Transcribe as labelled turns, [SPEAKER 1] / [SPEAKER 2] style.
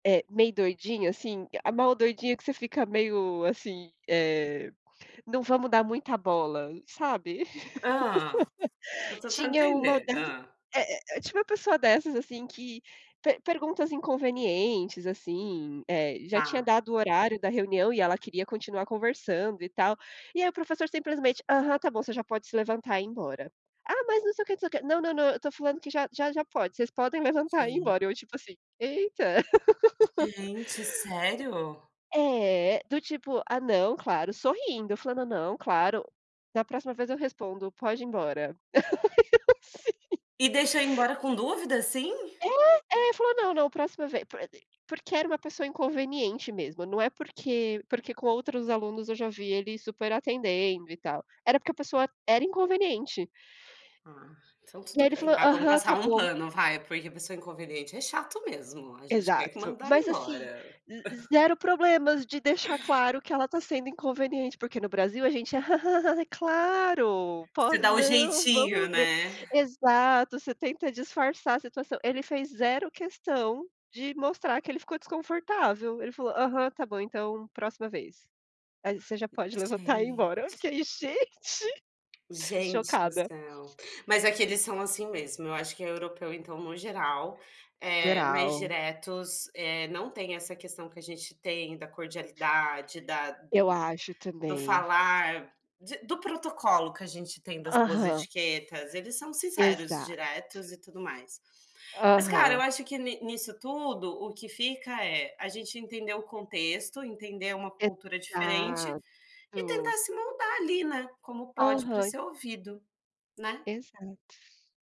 [SPEAKER 1] É, meio doidinho, assim, a mal doidinha que você fica meio, assim, eh: "Não vamos dar muita bola", sabe.
[SPEAKER 2] Hã. Tô tentando
[SPEAKER 1] Tinha uma
[SPEAKER 2] entender.
[SPEAKER 1] das
[SPEAKER 2] Hã.
[SPEAKER 1] é é é, tinha uma pessoa dessas, assim, que per perguntas inconvenientes, assim, eh, já
[SPEAKER 2] Tá.
[SPEAKER 1] tinha dado o horário da reunião e ela queria continuar conversando e tal, e aí o professor simplesmente: "Aham, tá bom, você já pode se levantar e ir embora". "Ah, mas não sei o que". "Não, não, não, eu estou falando que já já já pode, vocês podem levantar e
[SPEAKER 2] Sei.
[SPEAKER 1] embora", eu, tipo assim: "Eita".
[SPEAKER 2] Gente, sério?
[SPEAKER 1] É, do tipo: "Ah, não, claro!", sorrindo, falando: "Não, claro. Da próxima vez eu respondo, pode ir embora". Sim.
[SPEAKER 2] E deixa ir embora com dúvida, assim?
[SPEAKER 1] É. É, falou: "Não, não, próxima ve porque era uma pessoa inconveniente mesmo, não é porque porque com outros alunos eu já vi ele super atendendo e tal, era porque a pessoa era inconveniente.
[SPEAKER 2] Ah, então
[SPEAKER 1] E
[SPEAKER 2] tudo
[SPEAKER 1] aí ele
[SPEAKER 2] bem
[SPEAKER 1] falou:
[SPEAKER 2] ah, vamos
[SPEAKER 1] "Aham,
[SPEAKER 2] passar
[SPEAKER 1] tá
[SPEAKER 2] um
[SPEAKER 1] bom".
[SPEAKER 2] pano, vai, porque pessoa inconveniente é chato mesmo, a gente quer que
[SPEAKER 1] Exato,
[SPEAKER 2] mandar
[SPEAKER 1] mas, assim,
[SPEAKER 2] embora.
[SPEAKER 1] z z zero problemas de deixar claro que ela tá sendo inconveniente, porque, no Brasil a gente: "claro,
[SPEAKER 2] Você
[SPEAKER 1] poss
[SPEAKER 2] dá o
[SPEAKER 1] não,
[SPEAKER 2] jeitinho,
[SPEAKER 1] vamos ver"
[SPEAKER 2] né.
[SPEAKER 1] Exato, você tenta disfarçar a situação ele fez zero questão de mostrar que ele ficou desconfortável, ele falou: "Aham, tá bom então, próxima vez. Aí, você já pode levantar e ir embora",
[SPEAKER 2] Gente.
[SPEAKER 1] fiquei: "Gente!
[SPEAKER 2] Gente do
[SPEAKER 1] Chocada!"
[SPEAKER 2] céu, mas aqui eles são assim mesmo, eu acho que europeu então, no geral, eh, mais
[SPEAKER 1] Geral.
[SPEAKER 2] diretos, eh, não tem essa questão que a gente tem da cordialidade, da
[SPEAKER 1] Eu acho,
[SPEAKER 2] do
[SPEAKER 1] também.
[SPEAKER 2] falar, de do protocolo que a gente tem das boas
[SPEAKER 1] Aham.
[SPEAKER 2] etiquetas, eles são sinceros,
[SPEAKER 1] Exato.
[SPEAKER 2] diretos e tudo mais. Mas, cara eu
[SPEAKER 1] Aham.
[SPEAKER 2] acho que ni nisso tudo, o que fica é: a gente entender o contexto, entender uma cultura diferente,
[SPEAKER 1] Exato.
[SPEAKER 2] e tentar se moldar ali, né, como pode, pra
[SPEAKER 1] Aham.
[SPEAKER 2] ser ouvido, né.
[SPEAKER 1] Exato.